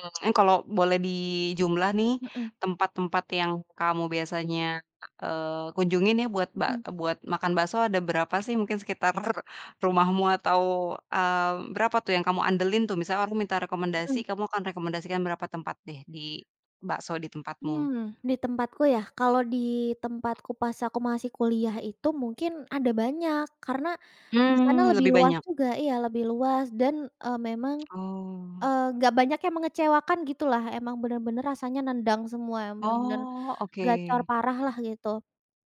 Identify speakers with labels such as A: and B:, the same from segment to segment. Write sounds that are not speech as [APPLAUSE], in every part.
A: Mmm, kalau boleh dijumlah nih,
B: Heeh.
A: tempat-tempat yang kamu biasanya, eee, kunjungin ya buat ba
B: Heeh.
A: buat makan bakso ada berapa sih? Mungkin sekitar-r rumahmu atau, mmm, berapa tuh yang kamu andelin tuh. Misalnya aku minta rekomendasi,
B: Heeh.
A: kamu akan rekomendasikan berapa tempat deh di bakso di tempatmu?
B: Mmm, di tempatku ya, kalau di tempatku pas aku masih kuliah itu, mungkin ada banyak, karena di sana
A: Mmm,
B: lebih
A: lebih
B: luas
A: banyak.
B: juga iya lebih luas dan, eee, memang
A: [CLICKS TONGUE] Oh.
B: enggak banyak yang mengecewakan gitulah. Emang benar-benar rasanya nendang semua, benar-benar
A: Oh oke.
B: gacor parah lah gitu,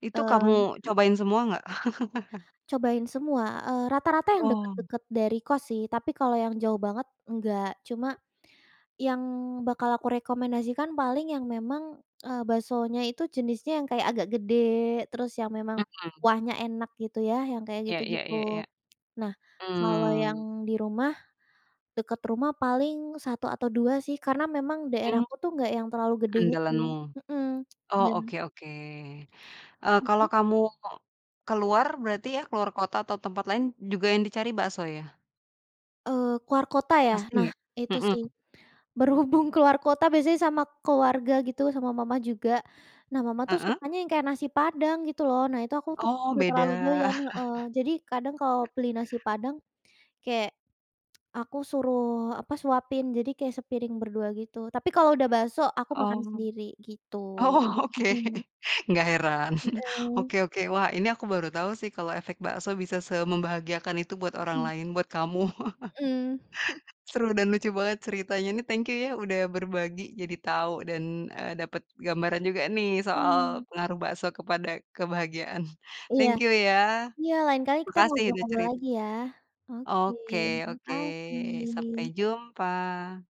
A: Itu
B: eee,
A: kamu
B: mmm.
A: cobain semua enggak? [LAUGHS]
B: Cobain semua, eee, rata-rata yang
A: Oh.
B: deket-deket dari kos sih tapi kalau yang jauh banget enggak. Cuma yang bakal aku rekomendasikan paling yang memang, eee, baksonya itu jenisnya yang kayak agak gede terus yang memang
A: Mhm.
B: kuahnya enak gitu ya yang kayak
A: Ya ya ya
B: gitu-gitu.
A: ya.
B: Nah, kalau yang
A: Mmm.
B: di rumah dekat rumah paling 1 atau 2 sih, karena memang daerah
A: Mmm.
B: aku tuh enggak yang terlalu gede gitu
A: Andalanmu.
B: heeh
A: Oh
B: dan
A: oke oke. Eee, kalau
B: Heeh?
A: kamu keluar berarti ya, keluar kota atau tempat lain juga yang dicari bakso ya?
B: Eee, keluar kota ya?
A: Pasti
B: Nah,
A: ya,
B: itu sih,
A: heeh.
B: berhubung keluar kota biasanya sama keluarga gitu sama mama juga. Nah, mama tuh
A: Heeh.
B: sukanya yang kayak nasi Padang gitu loh. Nah, itu aku tuh
A: Oh,
B: enggak terlalu
A: beda.
B: doyan
A: [LAUGHS]
B: heeh. Jadi kadang kalau beli nasi Padang kayak aku suruh apa suapin. Jadi kayak sepiring berdua gitu tapi kalau udah bakso aku makan
A: Oh.
B: sendiri gitu,
A: Oh oke
B: mhm.
A: enggak heran. [CHUCKLES]
B: Mhm.
A: Oke oke. Wah, ini aku baru tahu sih kalau efek bakso bisa semembahagiakan itu buat orang
B: Mhm.
A: lain buat kamu
B: Mhm. [CHUCKLES]
A: [CHUCKLES] Seru dan lucu banget ceritanya. Ini thank you ya udah berbagi jadi tahu dan, eee, dapet gambaran juga nih, soal
B: Mmm.
A: pengaruh bakso kepada kebahagiaan.
B: Iya.
A: Thank you ya.
B: iya lain kali kita
A: Makasih udah
B: ngobrol-ngobrol
A: cerita.
B: lagi ya, oke,
A: Oke oke, sampai
B: makasih.
A: jumpa.